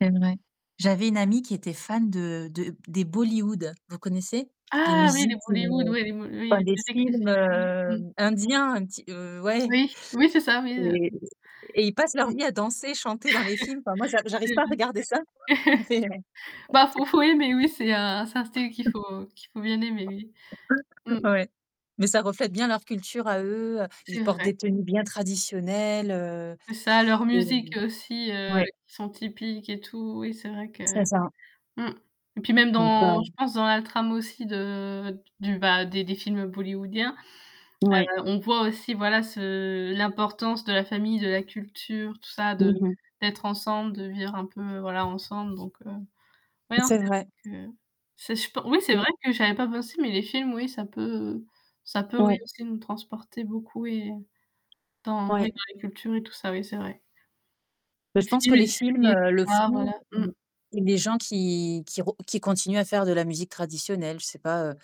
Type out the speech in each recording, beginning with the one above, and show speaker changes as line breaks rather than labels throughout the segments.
C'est vrai. J'avais une amie qui était fan de de des Bollywood. Vous connaissez? Les
Ah oui! Les
musiques, heu,
Bollywood ouais, oui, les mo oui
bah,
les
les
musiques des
films
films. Mmh. Mmh.
hem, indiens ti heu, ouais.
Oui. Oui, c'est ça oui heu
Et et ils passent
Mmh.
leur vie à danser, chanter dans les films. Enfin moi, j'a
C'est
j'arrive pas à
vrai.
regarder ça, quoi. Mais
Bah faut faut aimer
[unintelligible]
oui c'est, heu, c'est un style qu'il
Mmh.
faut qu'il faut bien aimer, oui. Mmh.
Ouais. Mais ça reflète bien leur culture à eux, heu, ils
C'est
portent
vrai.
des tenues bien traditionnelles, heu,
Ça a leurs
et
musiques aussi heu,
ouais.
qui sont typiques et tout, oui c'est vrai que
C'est ça.
mmh. Et puis même
Donc
dans
heu
je pense dans la trame aussi de d du bah, des des films bollywoodiens.
Ouais.
Heu, on voit aussi voilà ce l'importance de la famille, de la culture, tout ça de
Mmh mh.
d'être ensemble, de vivre un peu, voilà, ensemble. Donc heu, ouais, non,
C'est vrai.
c'est vrai que, c'est je pen oui c'est
Mmh.
vrai que j'avais pas pensé mais les films, oui, ça peut ça peut, oui,
Ouais.
aussi nous transporter beaucoup, oui. Dans oui
Ouais.
dans les cultures et tout ça, oui, c'est vrai.
Heu,
Les
je pense que
films, les
les films,
séries et tout
heu, le
ça, voilà.
font
Mmh.
ou ou les gens qui qui re qui continuent à faire de la musique traditionnelle. Je sais pas, heu,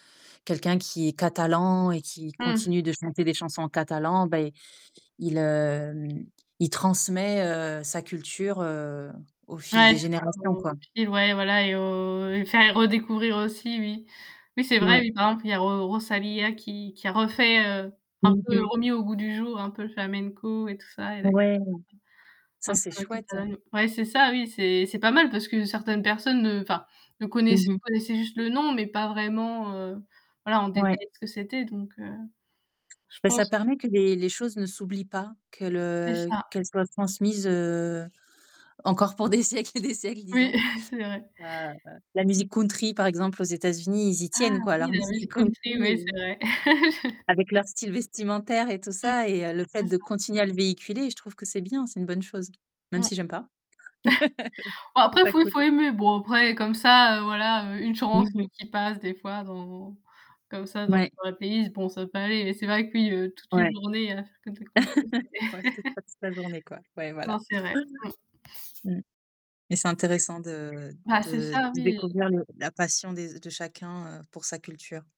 quelqu'un qui est catalan et qui
Mmh.
continue de chanter des chansons en catalan beh il il hem, il transmet, heu, sa culture, heu, au fil des
Ouais.
générations, quoi.
[unintelligible] Ouais et voilà, et heu, et faire et redécouvrir aussi oui. Oui c'est vrai.
Ouais.
Oui, par exemple il y a Ro Rosalia qui qui a refait, heu, un
Mmh
peu
mh.
remis au goût du jour, un peu le flamenco et tout ça et la culture,
Ouais.
heu,
Ça,
un
c'est
peu
chouette.
catalane. Ouais c'est ça oui, c'est c'est pas mal parce que certaines personnes ne enfin, ne
Mmh
connaissaient
mh.
connaissaient juste le nom, mais pas vraiment, heu, voilà en
Ouais.
détail ce que c'était. Donc heu, je
Bah ça
pense
permet que les les choses ne s'oublient pas. Que
C'est
le
ça.
qu'elles soient transmises, heu, encore pour des siècles et des siècles
Oui,
disons.
c'est vrai.
Heu, la musique country par exemple aux États-Unis, ils y
Ah
tiennent, quoi, à
oui!
leur
La
musique
musique
country
country, ouais,
et
c'est vrai.
avec leur
[unintelligible]
style vestimentaire et tout
Mmh.
ça et heu, le fait
C'est
de
ça.
continuer à le véhiculer. Je trouve que c'est bien, c'est une bonne chose.
Mmh.
Même si j'aime pas.
Ouais
Je trouve
après, il
ça
faut il
cool.
faut aimer. Bon après, comme ça, heu, voilà, heu, une
Mmh
chanson
mh.
qui passe des fois dans comme ça dans
Mouais.
dans ma playlist bon ça peut aller. Mais c'est vrai que oui, heu, toute une
Ouais.
journée à faire que de la country, c'est
Ouais, peut-être pas toute la journée, quoi. Ouais, voilà.
Non c'est vrai. Mmh. [unintelligible]
Mmh. Mais c'est intéressant de
Bah c'est
de
ça
de
oui.
découvrir le la passion des de chacun heu, pour sa culture.